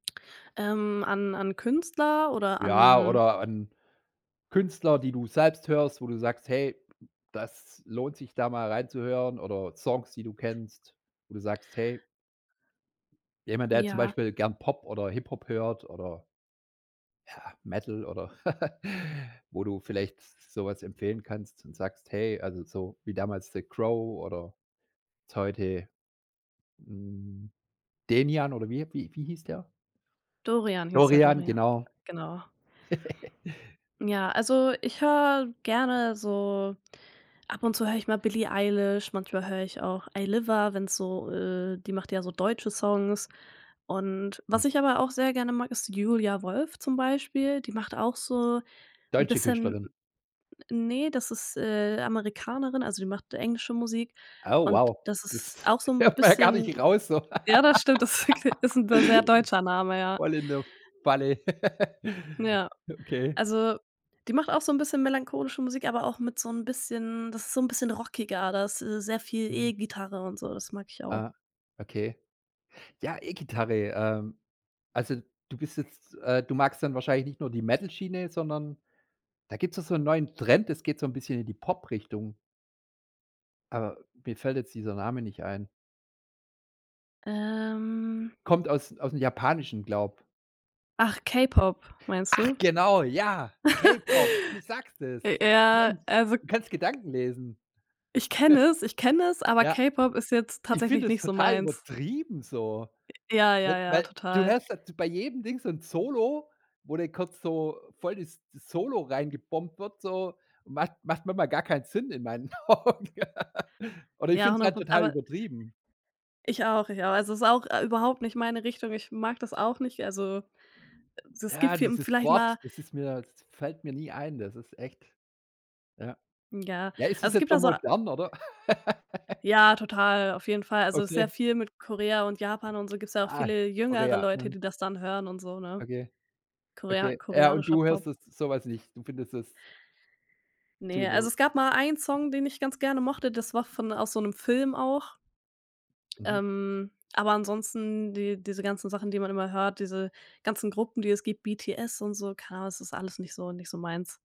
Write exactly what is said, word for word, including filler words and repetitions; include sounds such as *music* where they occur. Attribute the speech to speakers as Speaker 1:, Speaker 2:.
Speaker 1: Ähm, an an Künstler oder
Speaker 2: Ja,
Speaker 1: an
Speaker 2: oder an Künstler, die du selbst hörst, wo du sagst: „Hey, das lohnt sich, da mal rein zu hören“, oder Songs, die du kennst, wo du sagst, „hey” Jemand, der zum
Speaker 1: Ja.
Speaker 2: Beispiel gern Pop oder Hip Hop hört oder ja, Metal oder *chuckles* wo du vielleicht s so was empfehlen kannst und sagst: „Hey“, also, so wie damals The Crow oder jetzt heute, hm, Denian oder wie wie wie hieß der?
Speaker 1: Dorian hieß er,
Speaker 2: Dorian,
Speaker 1: Dorian.
Speaker 2: genau.
Speaker 1: Genau.
Speaker 2: *chuckles*
Speaker 1: Ja, also, ich höre gerne so ab und zu höre ich mal Billie Eilish, manchmal höre ich auch Ayliva, wenn's so, äh die macht ja so deutsche Songs. Und was
Speaker 2: Mhm.
Speaker 1: ich aber auch sehr gerne mag, ist Julia Wolf zum Beispiel, die macht auch so 'n
Speaker 2: Deutsche
Speaker 1: bisschen
Speaker 2: Künstlerin?
Speaker 1: N ne, das ist, äh, Amerikanerin, also, die macht englische Musik
Speaker 2: Oh
Speaker 1: und
Speaker 2: wow,
Speaker 1: das ist
Speaker 2: das
Speaker 1: auch so 'n
Speaker 2: hört man ja gar nicht
Speaker 1: bisschen
Speaker 2: raus so.
Speaker 1: Ja, das stimmt, das ist wirklich ist 'n d sehr
Speaker 2: *laughs*
Speaker 1: deutscher Name, ja.
Speaker 2: Voll in der Falle. *chuckles*
Speaker 1: Ja.
Speaker 2: Okay.
Speaker 1: Also, die macht auch so 'n bisschen melancholische Musik, aber auch mit so 'n bisschen das ist so 'n bisschen rockiger, da ist, äh, sehr viel
Speaker 2: Mhm.
Speaker 1: E-Gitarre und so, das mag ich auch.
Speaker 2: Ah, okay. Ja, E-Gitarre, ähm also, du bist jetzt, äh du magst dann wahrscheinlich nicht nur die Metal-Schiene, sondern da gibt's doch so 'n neuen Trend. Das geht so 'n bisschen in die Pop-Richtung. Aber mir fällt jetzt dieser Name nicht ein.
Speaker 1: Ähm.
Speaker 2: Kommt aus aus'm Japanischen, glaube.
Speaker 1: Ach, K-Pop meinst
Speaker 2: Ach
Speaker 1: du?
Speaker 2: genau, ja, K-Pop, du
Speaker 1: *chuckles*
Speaker 2: sagst es.
Speaker 1: J ja,
Speaker 2: Mensch,
Speaker 1: also
Speaker 2: du kannst Gedanken lesen.
Speaker 1: ich kenne es, ich kenne es,
Speaker 2: *chuckles*
Speaker 1: aber
Speaker 2: Ja.
Speaker 1: K-Pop ist jetzt
Speaker 2: Ich
Speaker 1: tatsächlich
Speaker 2: finde es
Speaker 1: nicht so
Speaker 2: total
Speaker 1: meins.
Speaker 2: übertrieben so,
Speaker 1: Äh, ja,
Speaker 2: we
Speaker 1: ja, ja,
Speaker 2: weil du
Speaker 1: total.
Speaker 2: hörst da bei jedem Ding so 'n Solo, wo dann kurz so voll das das Solo rein gebombt wird so. Macht macht manchmal gar keinen Sinn in meinen Augen. *chuckles* Oder ich
Speaker 1: Ja,
Speaker 2: finde es
Speaker 1: hundert
Speaker 2: halt
Speaker 1: Proz
Speaker 2: total
Speaker 1: aber
Speaker 2: übertrieben.
Speaker 1: Ich auch, ich auch. Also, ist auch, äh, überhaupt nicht meine Richtung. Ich mag das auch nicht. Also, äh, es gibt
Speaker 2: Ja,
Speaker 1: viel
Speaker 2: dieses
Speaker 1: vielleicht
Speaker 2: Wort,
Speaker 1: mal
Speaker 2: das ist mir das fällt mir nie ein. Das ist echt ja.
Speaker 1: Ja.
Speaker 2: Ja, ist
Speaker 1: Also,
Speaker 2: es
Speaker 1: es
Speaker 2: jetzt
Speaker 1: gibt
Speaker 2: so
Speaker 1: da so
Speaker 2: modern, oder? *chuckles*
Speaker 1: Ja, total, auf jeden Fall. Also, ist sehr
Speaker 2: Okay.
Speaker 1: viel mit Korea und Japan und so gibt's ja auch
Speaker 2: Ah,
Speaker 1: viele jüngere
Speaker 2: Korea,
Speaker 1: Leute,
Speaker 2: mhm.
Speaker 1: die das dann hören und so, ne?
Speaker 2: Okay.
Speaker 1: Korea
Speaker 2: Okay. Ja, und
Speaker 1: koreanischer
Speaker 2: du
Speaker 1: Pop.
Speaker 2: hörst das so was nicht. Du findest das zu
Speaker 1: Ne, also,
Speaker 2: über
Speaker 1: es gab mal einen Song, den ich ganz gerne mochte. Das war von aus so 'nem Film auch.
Speaker 2: Mhm.
Speaker 1: Ähm, aber ansonsten, die diese ganzen Sachen, die man immer hört, diese ganzen Gruppen, die es gibt, BTS und so, keine Ahnung, das ist alles nicht so nicht so meins.